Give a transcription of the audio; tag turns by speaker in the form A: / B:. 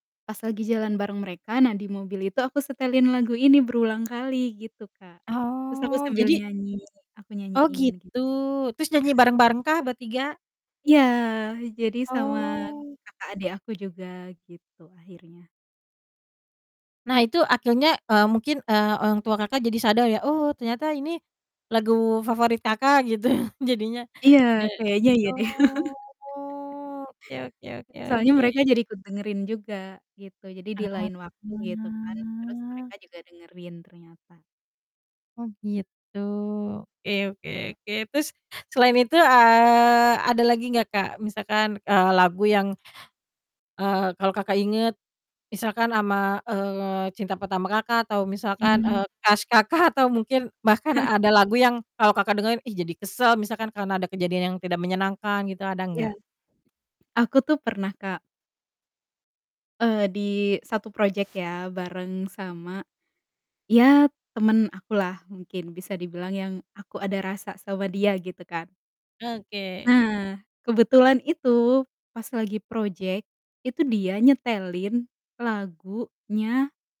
A: Pas lagi jalan bareng mereka, nah di mobil itu aku setelin lagu ini berulangkali gitu Kak. Terus aku
B: Oh,
A: sambil
B: jadi
A: nyanyi, aku
B: Oh,
A: nyanyiin gitu.
B: gitu. Terus nyanyi bareng-barengkah bertiga?
A: Iya! Jadi sama
B: Oh.
A: kakak adik aku juga, gitu akhirnya.
B: Nah, itu akhirnya, eee, mungkin, eee, orang tua Kakak jadi sadar ya, "Oh, ternyata ini lagu favorit Kakak," gitu jadinya.
A: Iya!
B: Ja gi
A: Kayaknya iya deh.
B: oh, oke oke oke
A: Soalnya
B: oke.
A: mereka jadi ikut dengerin juga gitu. Jadi di
B: Heeh,
A: lain waktu gitu kan, terus
B: hah.
A: mereka juga dengerin ternyata.
B: Oh, gitu. Oke oke oke, terus selain itu, eee, ada lagi gak Kak? Misalkan, eee, lagu yang eee, kalau Kakak inget misalkan ama, eee, cinta pertama Kakak, atau misalkan,
A: Mmm.
B: eee, crush Kakak? Atau mungkin bahkan ada lagu yang kalau Kakak dengerin, "Ih jadi kesel," misalkan karena ada kejadian yang tidak menyenangkan gitu? Ada
A: Iya.
B: enggak?
A: Aku tuh pernah, Kak eee, di satu projek ya, bareng sama iya, temen akulah mungkin bisa dibilang yang aku ada rasa sama dia gitu kan.
B: Oke.
A: Nah, kebetulan itu pas lagi projek, itu dia nyetelin lagunya